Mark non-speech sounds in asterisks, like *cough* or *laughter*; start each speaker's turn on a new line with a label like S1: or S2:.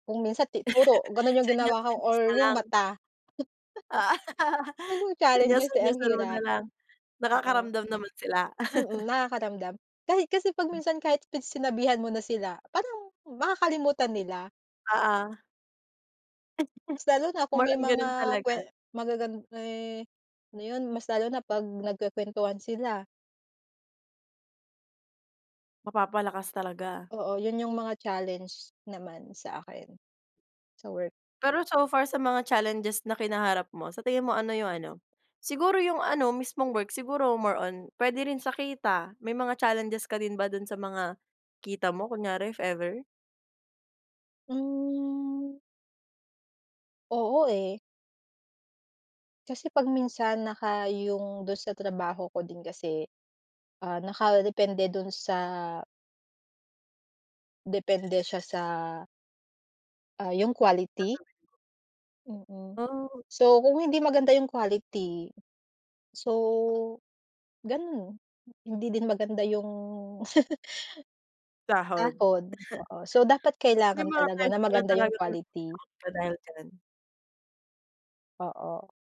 S1: Kung minsan, ti puro ganon
S2: *laughs*
S1: yung ginawa ko
S2: Senyas-senyas
S1: or
S2: na
S1: yung
S2: lang.
S1: mata. *chuckles*
S2: *laughs*
S1: Mhm, challenges eh, ang
S2: Senyas-senyasan mo na
S1: hirap.
S2: lang.
S1: Oo.
S2: Nakakaramdam naman sila?
S1: Mm,
S2: *laughs*
S1: nakakaramdam. Kahit kasi pag minsan, kahit pinagsinabihan mo na sila, parang makakalimutan nila.
S2: Ah, ah.
S1: Mas lalo na
S2: *laughs*
S1: kung
S2: More
S1: may
S2: on
S1: mga
S2: ganun
S1: kwe
S2: talaga.
S1: magagan eh, ano yun, mas lalo na pag nagkukwentuhan sila.
S2: Mapapalakas talaga.
S1: Oo. Yun yung mga challenge naman sa akin, sa work.
S2: Pero so far sa mga challenges na kinaharap mo, sa tingin mo ano yung ano, siguro yung ano mismong work, siguro more on puwede rin sa kita may mga challenges ka din ba dun sa mga kita mo kunyari if ever?
S1: Hmm. Oo, eh. Kasi 'pag minsan, naka yung dun sa trabaho ko din kasi, ah, nakadepende dun sa depende siya sa, ah, yung quality.
S2: Gagawin mo.
S1: Mm,
S2: Oh.
S1: so kung hindi maganda yung quality, so ganun, hindi din maganda yung *laughs*
S2: Sahod.
S1: Sahod.
S2: *chuckles*
S1: Oo, so dapat
S2: May
S1: kailangan
S2: mga
S1: talaga
S2: times
S1: na
S2: na
S1: maganda yung
S2: talagang na-out
S1: quality.
S2: ka dahil diyan?
S1: Oo.